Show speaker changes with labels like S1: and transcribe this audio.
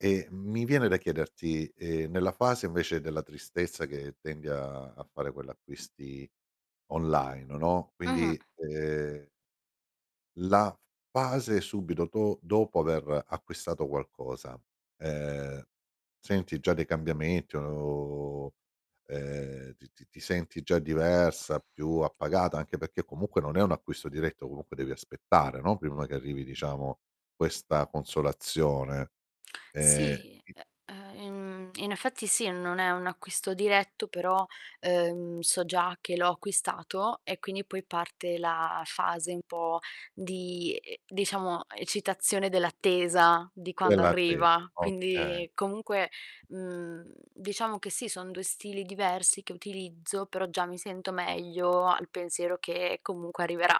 S1: E mi viene da chiederti, ehm, nella fase invece della tristezza che tendi a a fare quell'acquisti online, no,
S2: Mh-mh.
S1: quindi, ehm la fase subito do dopo aver acquistato qualcosa, ehm, senti già dei cambiamenti o ehm, ti ti ti senti già diversa, più appagata anche perché comunque non è un acquisto diretto, comunque devi aspettare, no, prima che arrivi, diciamo, questa consolazione. Ehm,
S2: Sì,
S1: [unintelligible]
S2: e ehm, mhmm, in effetti sì, non è un acquisto diretto, però, ehm, so già che l'ho acquistato e quindi poi parte la fase un po' di e diciamo, eccitazione dell'attesa di quando
S1: Dell'atte
S2: arriva.
S1: okay.
S2: Quindi comunque, mhmm, diciamo che sì, son 2 stili diversi che utilizzo, però già mi sento meglio al pensiero che comunque arriverà.